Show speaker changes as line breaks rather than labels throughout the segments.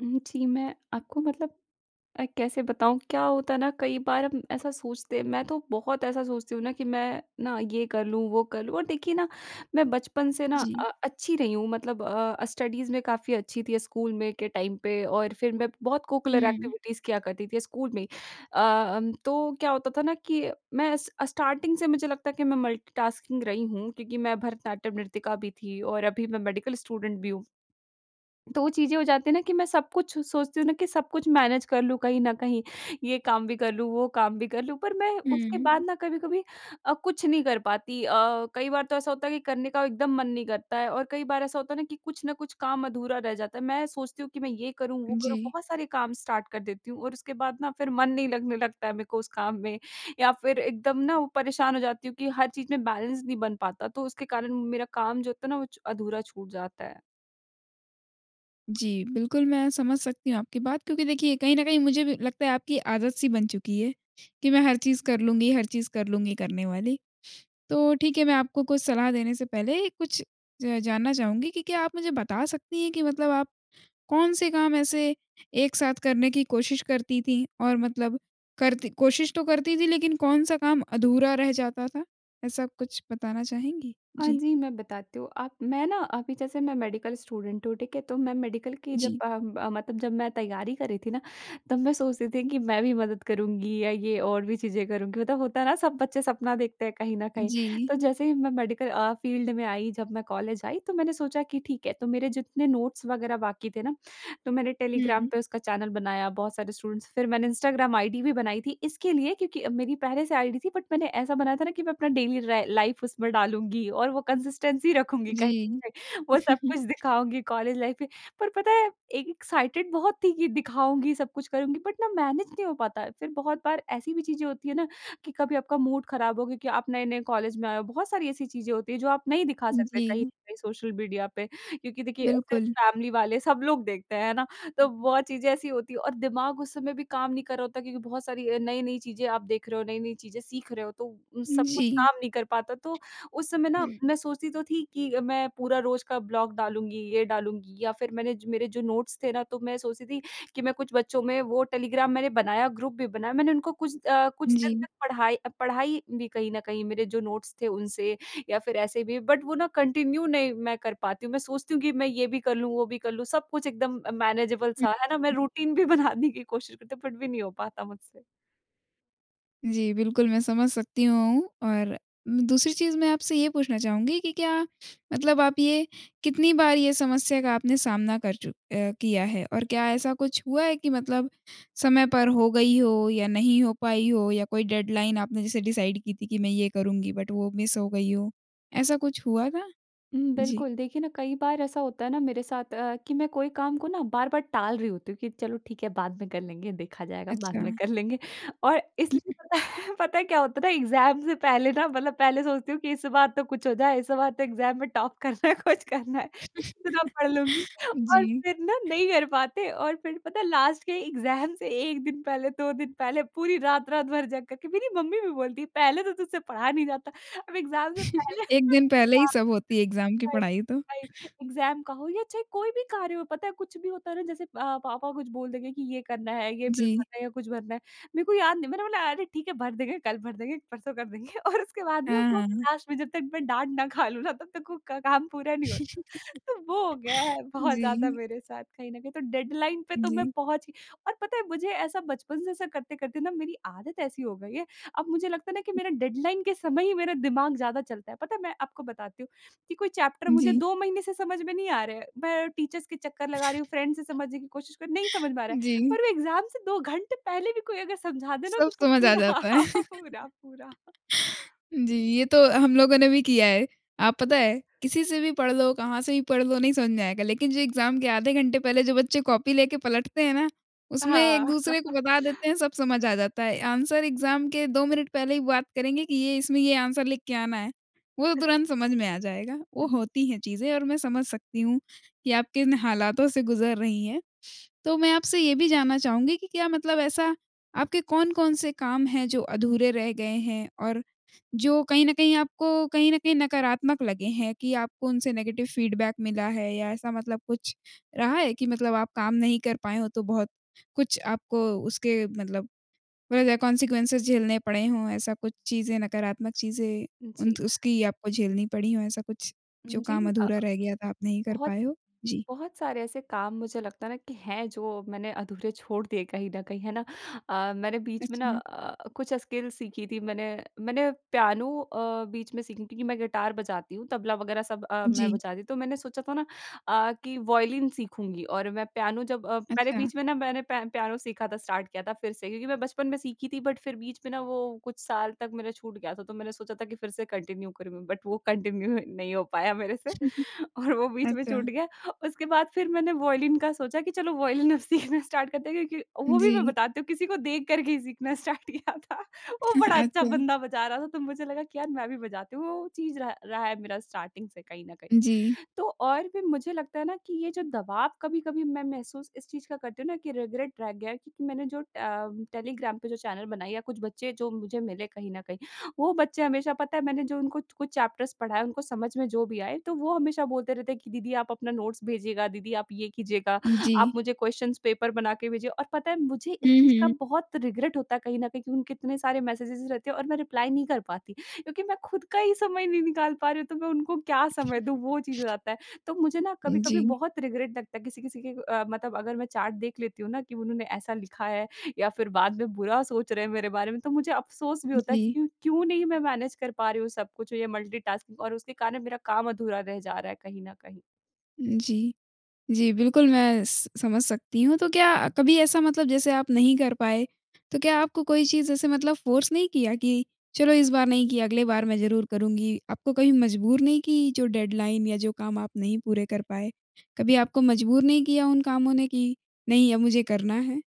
हुँ, जी। मैं आपको मतलब अ, कैसे बताऊँ क्या होता है ना कई बार हम ऐसा सोचते हैं मैं तो बहुत ऐसा सोचती हूँ ना कि मैं ना ये कर लूँ वो कर लूँ। और देखिए ना मैं बचपन से ना
जी।
अ, अच्छी रही हूँ मतलब अ, स्टडीज़ में काफ़ी अच्छी थी, स्कूल में के टाइम पे और फिर मैं बहुत कोकुलर
हुँ।
एक्टिविटीज़ किया करती थी स्कूल में। अ, अम तो क्या होता था ना कि मैं स स्टार्टिंग से मुझे लगता है कि मैं मल्टीटास्किंग रही हूँ क्योंकि मैं भरतनाट्यम नृतिका भी थी और अभी मैं मेडिकल स्टूडेंट भी हूँ। तो वो चीज़ें हो जाती हैं ना कि मैं सब कुछ सोचती हूँ ना कि सब कुछ मैनेज कर लूँ कहीं न कहीं। ये काम भी कर लूँ, वो काम भी कर लूँ पर मैं उसके
हुँ।
बाद ना कभी-कभी अ, कुछ नहीं कर पाती। अ, कई बार तो ऐसा होता है कि करने का एकदम मन नहीं करता है और कई बार ऐसा होता है ना कि कुछ न कुछ काम अधूरा रह जाता है। मैं सोचती हूँ कि मैं ये करूँ, वो करूँ
जी।
बहुत सारे काम स्टार्ट कर देती हूँ और उसके बाद ना फिर मन नहीं लगने लगता है मेरे को उस काम में या फिर एकदम ना वो परेशान हो जाती हूँ कि हर चीज़ में बैलेंस नहीं बन पाता। तो उसके कारण मेरा काम जो होता है ना वो च अधूरा छूट जाता है।
जी, बिल्कुल मैं समझ सकती हूँ आपकी बात क्योंकि देखिए कहीं न कहीं मुझे भी लगता है आपकी आदत सी बन चुकी है। कि मैं हर चीज़ कर लूँगी, हर चीज़ कर लूँगी करने वाली। तो ठीक है मैं आपको कुछ सलाह देने से पहले कुछ ज जानना चाहूँगी कि क्या आप मुझे बता सकती हैं कि मतलब आप कौन-से काम ऐसे एक साथ करने की कोशिश करती थीं? और मतलब करती कोशिश तो करती थीं लेकिन कौन-सा काम अधूरा रह जाता था? ऐसा कुछ बताना चाहेंगी?
हाँ
जी।
जी, मैं बताती हूँ। आप मैं ना अभी जैसे मैं मेडिकल स्टूडेंट हूँ, ठीक है। तो मैं मेडिकल की जब
जी।
अ अ, मतलब जब मैं तैयारी कर रही थी ना तब मैं सोच रही थी कि मैं भी मदद करूँगी या ये और भी चीज़ें करूँगी। मतलब होता है ना सब बच्चे सपना देखते हैं कहीं न कहीं,
जी।
तो जैसे ही मैं मेडिकल अ, फील्ड में आई जब मैं कॉलेज आई तो मैंने सोचा कि ठीक है, तो मेरे जितने नोट्स वगैरह बाकी थे ना तो मैंने टेलीग्राम
हुँ।
पे उसका चैनल बनाया। बहुत सारे स्टूडेंट्स फिर मैंने इंस्टाग्राम आईडी भी बनाई थी, इसके लिए क्योंकि मेरी पहले से आईडी थी बट मैंने ऐसा बनाया था ना कि मैं अपना डेली र लाइफ उसमें डालूँगी और वो कंसिस्टेंसी रखूँगी कहीं न
जी।
कहीं। वो सब कुछ दिखाऊँगी कॉलेज लाइफ पे पर पता है एक् एक्साइटेड बहुत थी कि दिखाऊँगी सब कुछ करूँगी बट ना मैनेज नहीं हो पाता। फिर बहुत बार ऐसी भी चीज़ें होती है ना कि कभी आपका मूड खराब हो क्योंकि आप नए नए कॉलेज में आए हो। बहुत सारी ऐसी चीज़ें होती हैं जो आप नहीं दिखा सकते कहीं न
जी।
कहीं सोशल मीडिया पे क्योंकि देखिए सिर्फ़
बिल्कुल।
फैमिली वाले सब लोग देखते हैं, है ना? तो बहुत चीज़ें ऐसी होती है और दिमाग उस समय भी काम नहीं कर रहा होता क्योंकि बहुत सारी अ, नई-नई चीज़ें आप देख रहे हो, नई-नई चीज़ें सीख रहे हो तो
उम,
सब कुछ
जी।
काम नहीं कर पाता तो उस समय ना मैं सोचती तो थी कि अ, मैं पूरा रोज़ का ब्लॉग डालूँगी ये डालूँगी या फिर मैंने मेरे जो नोट्स थे ना तो मैं सोचती थी कि मैं कुछ बच्चों में वो टेलीग्राम मैंने बनाया ग्रुप भी बनाया मैंने उनको कुछ अ, कुछ दिन
जी।
तक पढ़ाई, पढ़ाई भी कहीं न कहीं मेरे जो नोट्स थे उनसे या फिर ऐसे भी बट वो ना कंटिन्यू नहीं मैं कर पाती हूँ। मैं सोचती हूँ कि मैं ये भी कर लूँ वो भी कर लूँ। सब कुछ एकदम अ, मैनेजेबल सा है ना मैं रूटीन भी बनाने की कोशिश करती हूँ फिर भी नहीं हो पाता मुझसे।
जी बिल्कुल, मैं समझ सकती हूँ और मै दूसरी चीज़ मैं आपसे ये पूछना चाहूँगी कि क्या मतलब आप ये कितनी बार ये समस्या का आपने सामना कर चुक अ, किया है? और क्या ऐसा कुछ हुआ है कि मतलब समय पर हो गई हो या नहीं हो पाई हो या कोई डेडलाइन आपने जैसे डिसाइड की थी कि मैं ये करुँगी बट वो मिस हो गई हो? ऐसा कुछ हुआ था?
हुँ,
जी।
बिल्कुल। देखिए न कई बार ऐसा होता है न मेरे साथ अ, कि मैं कोई काम को न बार-बार टाल रही हूँ क्योंकि चलो ठीक है बाद में कर लेंगे। देखा जाएगा बाद में
अच्छा।
कर लेंगे। और इसलिए पता है पता है क्या होता है न एग्ज़ाम से पहले न मतलब पहले सोचती हूँ कि इस बार तो कुछ हो जाए इस बार तो एग्ज़ाम में टॉप करना है, कुछ करना है। इतना पढ़ लूँगी और
जी।
फिर न नहीं कर पाते और फिर पता है लास्ट के एग्ज़ाम से 1 दिन पहले 2 दिन पहले पूरी रात-रात भर जग करके मेरी मम्मी भी बोलती है पहले तो तुझसे पाया नहीं जाता। अब एग्ज़ाम से पहले
एक दिन पहले ही
हाँ।
सब होती है एग्ज़ाम की
वही,
पढ़ाई तो।
वही। एग्ज़ाम का हो या चाहे कोई भी कार्य हो पता है कुछ भी होता है न जैसे अ, पापा कुछ बोल देंगे कि ये करना है ये बिल
जी।
भरना है या कुछ भरना है। मेरे को याद नहीं, मैंने बोला अरे ठीक है भर देंगे, कल भर देंगे, परसों कर देंगे और उसके बाद न वो
हाँ, हाँ।
लास्ट में जब तक मैं डाँट ना खा लूँ न तब तक वो क काम पूरा नहीं होता। तो वो हो गया है बहुत ज़्यादा
जी।
मेरे साथ कहीं न कहीं तो डेडलाइन पे तो मैं
जी।
पहुँच और पता है मुझे ऐसा बचपन से ऐसा करते-करते न मेरी आदत ऐसी हो गई है। अब मुझे लगता है न कि
उ
मेरा डेडलाइन के समय ही मेरा दिमाग ज़्यादा चलता है। पता है मैं आपको बताती हूँ कि कोई चैप्टर मुझे
जी।
2 महीने से समझ में नहीं आ रहा है। मैं टीचर्स के चक्कर लगा रही हूँ फ्रेंड्स से समझने की कोशिश कर रही हूँ, नहीं समझ में आ रहा है।
जी।
पर वो एग्ज़ाम से 2 घंटे पहले भी कोई अगर समझा दे न
सब
तो प
समझ आ
पूरा,
जाता है।
पूरा-पूरा।
जी, ये तो हम लोगों ने भी किया है। आप पता है? किसी से भी पढ़ लो, कहाँ से भी पढ़ लो नहीं समझ में आएगा। लेकिन जो एग्ज़ाम के आधे घंटे पहले जो बच्चे कॉपी लेके पलटते हैं ना, उसमें एक
हाँ।
दूसरे को बता देते हैं सब समझ आ जाता है। आंसर एग्ज़ाम के 2 मिनट पहले ही बात करेंगे कि ये इसमें ये आंसर लिख के आना है। वो तो तुरंत समझ में आ जाएगा।
अ,
वो
हुँ, हुँ।
होती हैं चीज़ें और मैं समझ सकती हूँ कि आप किन हालातों से गुज़र रही हैं। तो मैं आपसे ये भी जानना चाहूँगी कि क्या मतलब ऐसा आपके कौन-कौन से काम हैं जो अधूरे रह गए हैं? और जो कहीं न कहीं आपको कहीं न कहीं नकारात्मक लगे हैं कि आपको उनसे नेगेटिव फीडबैक मिला है? या ऐसा मतलब कुछ रहा है कि मतलब आप काम नहीं कर पाए हों तो बहुत कुछ आपको उसके मतलब होए गे कौन्सिक्‍वन्सेस झेलने पड़े हों ऐसा कुछ चीज़ें नकारात्मक चीज़ें उन
जी।
त उसकी आपको झेलनी पड़ी हों ऐसा कुछ?
उम,
जो
जी।
काम
अ अ,
अधूरा रह गया था आप नहीं कर
बहुत,
पाए हों? जी।
बहुत सारे ऐसे काम मुझे लगता है न कि हैं जो मैंने अधूरे छोड़ दिए कहीं न कहीं, है ना। अ, मैंने बीच में न
अच्छा।
अ, कुछ स्किल्स सीखी थी मैंने, मैंने पियानो अ, बीच में सीखी थी क्योंकि मैं गिटार बजाती हूँ, तबला वग़ैरह सब अ, मैं
जी।
बजाती हूँ। तो मैंने सोचा था न अ, कि वायलिन सीखूँगी और मैं पियानो जब अ, पहले
अच्छा।
बीच में न मैंने प पियानो सीखा था स्टार्ट किया था फिर से। क्योंकि मैं बचपन में सीखी थी। बट फिर बीच में न वो कुछ साल तक मेरा छूट गया था तो मैंने सोचा था कि फिर से कंटिन्यू करूँ। बट वो कंटिन्यू नहीं हो पाया मेरे से
उ
और वो
हुँ।
बीच में
अच्छा।
छूट गया। उसके बाद फिर मैंने वायोलिन का सोचा कि चलो वायलिन अब सीखना स्टार्ट करते हैं क्योंकि
उम,
वो भी मैं
जी।
बताती हूँ किसी को देख कर के ही सीखना स्टार्ट किया था। वो बड़ा अच्छा
अच्छा।
बंदा बजा रहा था तो मुझे लगा कि यार मैं भी बजाती हूँ। तो वो चीज़ रहा रहा है मेरा स्टार्टिंग से कहीं न कहीं।
जी।
तो और भी मुझे लगता है न कि ये जो दवाब कभी-कभी मैं महसूस इस चीज़ का करती हूँ न कि रिग्रेट रह गया है क्योंकि मैंने जो ट अ, टेलीग्राम पे जो चैनल बनाए या कुछ बच्चे जो मुझे मिले कहीं न कहीं। वो बच्चे हमेशा पता है मैंने जो उनको च कुछ चैप्टर्स पढ़ाएँ, उनको समझ में जो भी आए तो वो हमेशा बोलते रहते हैं कि दीदी आप अपना नोट्स भेजिएगा, दीदी आप ये कीजियेगा। आप
जी।
मुझे क्वेश्चनंस पेपर बना के भेजिए। और पता है मुझे इस
हुँ,
चीज़ का
हुँ।
बहुत रिग्रेट होता है कहीं न कहीं उनके इतने सारे मैसेजेज़ रहते हैं और मैं रिप्लाई नहीं कर पाती क्योंकि मैं खुद का ही समय नहीं निकाल पा रही हूँ तो मैं उनको क्या समय दूँ वो चीज़ हो जाता है। तो मुझे न कभी-कभी
जी।
बहुत रिग्रेट लगता है किसी-किसी के अ, मतलब अगर मैं चैट देख लेती हूँ न कि उन्होंने ऐसा लिखा है या फिर बाद में बुरा सोच रहे हैं मेरे बारे में। तो मुझे अफ़सोस भी होता है
जी।
कि क्यों नहीं मैं मैनेज कर पा रही हूँ सब कुछ ये मल्टीटास्किंग और उसके कारण मेरा काम अधूरा रह जा रहा है कहीं न कहीं।
उम, जी। जी बिल्कुल मैं स समझ सकती हूँ। तो क्या कभी ऐसा मतलब जैसे आप नहीं कर पाए तो क्या आपको कोई चीज़ ऐसे मतलब फ़ोर्स नहीं किया कि चलो इस बार नहीं किया अगले बार मैं ज़रूर करुँगी? आपको कभी मजबूर नहीं की जो डेडलाइन या जो काम आप नहीं पूरे कर पाए? कभी आपको मजबूर नहीं किया उन कामों ने कि नहीं अब मुझे करना है?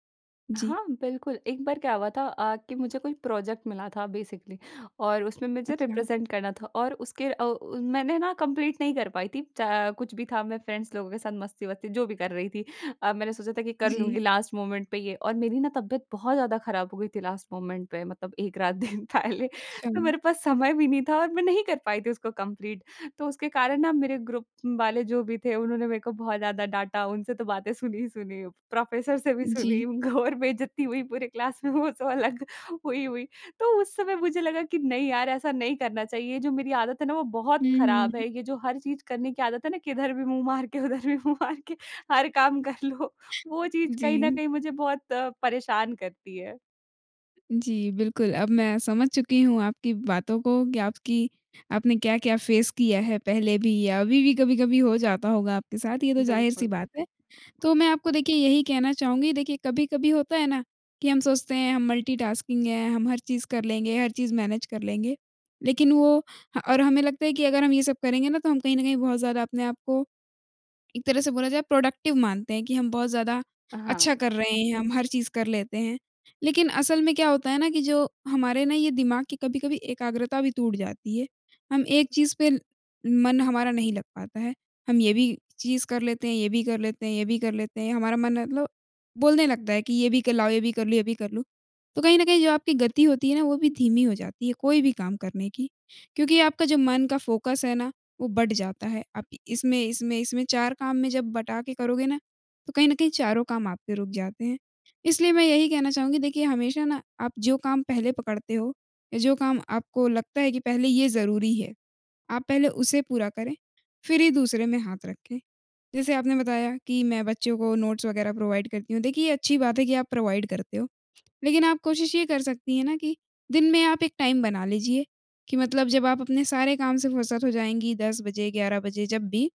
जी।
हाँ, बिल्कुल। एक बार क्या हुआ था अ, कि मुझे कोई प्रोजेक्ट मिला था बेसिकली और उसमें मुझे
अच्छा।
रिप्रेजेंट करना था और उसके अ, मैंने न कंप्लीट नहीं कर पाई थी। चा कुछ भी था मैं फ्रेंड्स लोगों के साथ मस्ती-वस्ती जो भी कर रही थी। अ, मैंने सोचा था कि कर
जी।
लूँगी लास्ट मोमेंट पे ये और मेरी न तबियत बहुत ज़्यादा खराब हो गई थी लास्ट मोमेंट पे मतलब एक रात दिन पहले। तो
अच्छा।
मेरे पास समय भी नहीं था और मैं नहीं कर पाई थी उसको कंप्लीट, तो उसके कारण न मेरे ग्रुप वाले जो भी थे उन्होंने मेरे को बहुत ज़्यादा डाँटा। उनसे तो बातें सुनी ही सुनी प्रोफ़ेसर से भी सुनी
जी।
घोर बेइज्जती हुई पूरे क्लास में वो सब अलग हुई हुई। तो उस समय मुझे लगा कि नहीं यार! ऐसा नहीं करना चाहिए। ये जो मेरी आदत है न वो बहुत
हुँ, हुँ,
खराब
हुँ।
है। ये जो हर चीज़ करने की आदत है न किधर भी मुँह मार के उधर भी मुँह मार के हर काम कर लो। वो चीज़
जी।
कहीं न कहीं मुझे बहुत अ, परेशान करती है।
जी, बिल्कुल। अब मैं समझ चुकी हूँ आपकी बातों को, कि आपकी आपने क्या-क्या फेस किया है, पहले भी या अभी भी कभी-कभी हो जाता होगा आपके साथ, ये तो ज़ाहिर-सी
बिल्कुल।
बात है। तो मैं आपको देखिए यही कहना चाहूँगी देखिए, कभी-कभी होता है ना, कि हम सोचते हैं हम मल्टी-टास्किंग हैं, हम हर चीज़ कर लेंगे, हर चीज़ मैनेज कर लेंगे। लेकिन वो ह और हमें लगता है कि अगर हम ये सब करेंगे ना, तो हम कहीं न कहीं बहुत ज़्यादा अपने आपको, एक तरह से बोला जाए प्रोडक्टिव मानते हैं कि हम बहुत ज़्यादा अच्छा
हाँ।
कर रहे हैं, हम हर चीज़ कर लेते हैं। लेकिन असल में क्या होता है ना, कि जो हमारे ना ये दिमाग़ की कभी-कभी एकाग्रता भी टूट जाती है। हम एक चीज़ पे, मन हमारा नहीं लग पाता है। हम ये भी चीज़ कर लेते हैं, ये भी कर लेते हैं ये भी कर लेते हैं, हमारा मन मतलब बोलने लगता है, कि ये भी क लाओ ये भी कर लूँ ये भी कर लूँ। तो कहीं न कहीं जो आपकी गति होती है ना, वो भी धीमी हो जाती है, कोई भी काम करने की। क्योंकि आपका जो मन का फ़ोकस है ना, वो बँट जाता है। आप इ इसमें इसमें इसमें 4 काम में जब बँटा के करोगे ना, तो कहीं न कहीं चारों काम आपके रुक जाते हैं। इसलिए मैं यही कहना चाहूँगी, देखिए हमेशा ना, आप जो काम पहले पकड़ते हो या जो काम आपको लगता है कि पहले ये ज़रूरी है। आप पहले उसे पूरा करें, फिर ही दूसरे में हाथ रखें। जैसे आपने बताया, कि मैं बच्चों को नोट्स वगैरह प्रोवाइड करती हूँ। देखिए, ये अच्छी बात है कि आप प्रोवाइड करते हो, लेकिन आप कोशिश ये कर सकती हैं ना कि, दिन में आप एक टाइम बना लीजिए, कि मतलब जब आप अपने सारे काम से फुर्सत हो जाएँगी, 10 बजे, 11 बजे जब भी,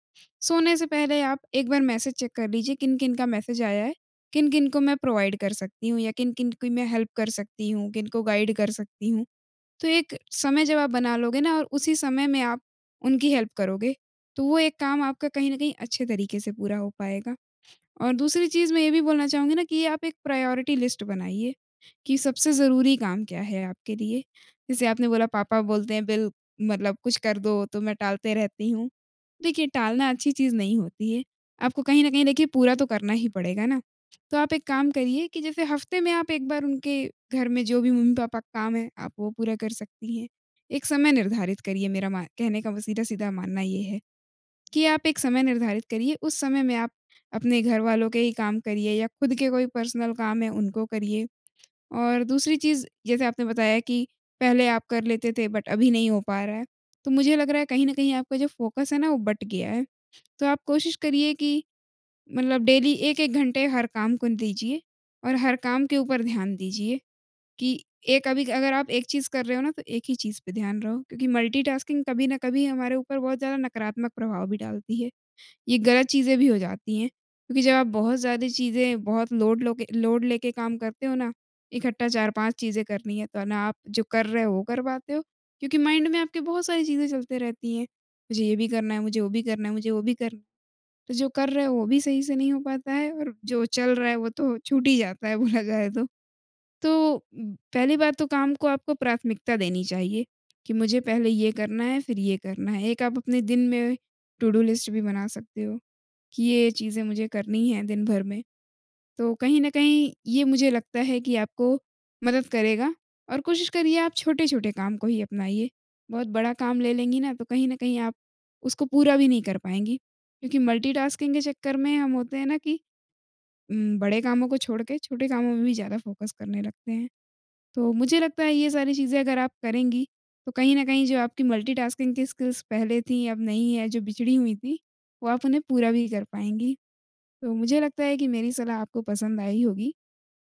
सोने से पहले आप एक बार मैसेज चेक कर लीजिए, किन-किन का मैसेज आया है, किन-किन को मैं प्रोवाइड कर सकती हूँ या किन-किन की मैं हेल्प कर सकती हूँ। किनको गाइड कर सकती हूँ। तो एक समय जब आप बना लोगे ना और उसी समय में आप उनकी हेल्प करोगे, तो वो एक काम आपका कहीं न कहीं अच्छे तरीके से पूरा हो पाएगा। और दूसरी चीज़ मैं ये भी बोलना चाहूँगी ना, कि आप एक प्रायोरिटी लिस्ट बनाइए, कि सबसे ज़रूरी काम क्या है आपके लिए, जैसे आपने बोला पापा बोलते हैं, बिल मतलब कुछ कर दो, तो मैं टालते रहती हूँ। देखिए, टालना अच्छी चीज़ नहीं होती है। आपको कहीं न कहीं देखिए पूरा तो करना ही पड़ेगा ना। तो आप एक काम करिए, कि जैसे हफ्ते में आप एक बार उनके घर में जो भी मम्मी-पापा के काम है, आप वो पूरा कर सकती हैं। एक समय निर्धारित करिए मेरा मा कहने का सीधा-सीधा मानना ये है। कि आप एक समय निर्धारित करिए, उस समय में आप अपने घरवालों के ही काम करिए या खुद के कोई पर्सनल काम हैं, उनको करिए। और दूसरी चीज़, जैसे आपने बताया कि पहले आप कर लेते थे बट अभी नहीं हो पा रहा है, तो मुझे लग रहा है कहीं न कहीं आपका जो फ़ोकस है ना, वो बँट गया है। तो आप कोशिश करिए, कि मतलब डेली 1-1 घंटे हर काम को दीजिए और हर काम के ऊपर ध्यान दीजिए। कि एक अभी, अगर आप एक चीज़ कर रहे हो ना, तो एक ही चीज़ पर ध्यान रहो। क्योंकि मल्टी-टास्किंग कभी न कभी हमारे ऊपर बहुत ज़्यादा नकारात्मक प्रभाव भी डालती है। ये गलत चीजें भी हो जाती हैं, क्योंकि जब आप बहुत ज़्यादा चीजें बहुत लोड लो के लोड लेके काम करते हो ना, इकट्ठा 4-5 चीजें करनी है, तो ना आप जो कर रहे हो, वो कर पाते हो क्योंकि माइंड में आपकी बहुत सारी चीज़ें चलती रहती हैं। मुझे ये भी करना है, मुझे वो भी करना है, मुझे वो भी करना है। तो जो कर रहे हो, वो भी सही से नहीं हो पाता है और जो चल रहा है, वो तो छूट ही जाता है, बोला जाए तो। तो पहली बात तो काम को आपको प्राथमिकता देनी चाहिए, कि मुझे पहले ये करना है फिर ये करना है। एक आप अपने दिन में टू-डू लिस्ट भी बना सकते हो, कि ये-ये चीज़ें मुझे करनी है, दिन भर में। तो कहीं न कहीं ये मुझे लगता है, कि आपको मदद करेगा और कोशिश करिए आप छोटे-छोटे काम को ही अपनाइए। बहुत बड़ा काम ले लेंगी ना, तो कहीं न कहीं आप उसको पूरा भी नहीं कर पाएँगी। क्योंकि मल्टी-टास्किंग के चक्कर में हम होते हैं ना, कि उम, बड़े कामों को छोड़ के, छोटे कामों में भी ज़्यादा फ़ोकस करने लगते हैं। तो मुझे लगता है ये सारी चीज़ें अगर आप करेंगी, तो कहीं न कहीं जो आपकी मल्टी-टास्किंग की स्किल्स पहले थी, अब नहीं है, जो बिछड़ी हुई थी, वो आप उन्हें पूरा भी कर पाएँगी। तो मुझे लगता है कि मेरी सलाह आपको पसंद आई होगी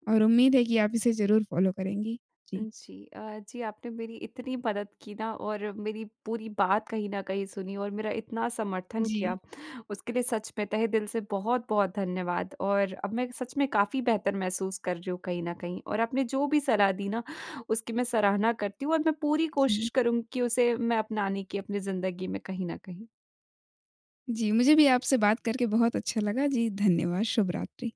और उम्मीद है, कि आप इसे ज़रूर फॉलो करेंगी। जी।
जी। अ, जी, आपने मेरी इतनी मदद की ना और मेरी पूरी बात कहीं न कहीं सुनी और मेरा इतना समर्थन
जी।
किया। उसके लिए सच में तहेदिल से बहुत-बहुत धन्यवाद। और अब मैं सच में काफ़ी बेहतर महसूस कर रही हूँ, कहीं न कहीं। और आपने जो भी सलाह दी ना, उसकी मैं सराहना करती हूँ और मैं पूरी कोशिश
जी।
करूँगी कि उसे मैं अपनाने की अपनी ज़िंदगी में कहीं न कहीं
जी, मुझे भी आपसे बात करके बहुत अच्छा लगा। जी, धन्यवाद। शुभ रात्रि।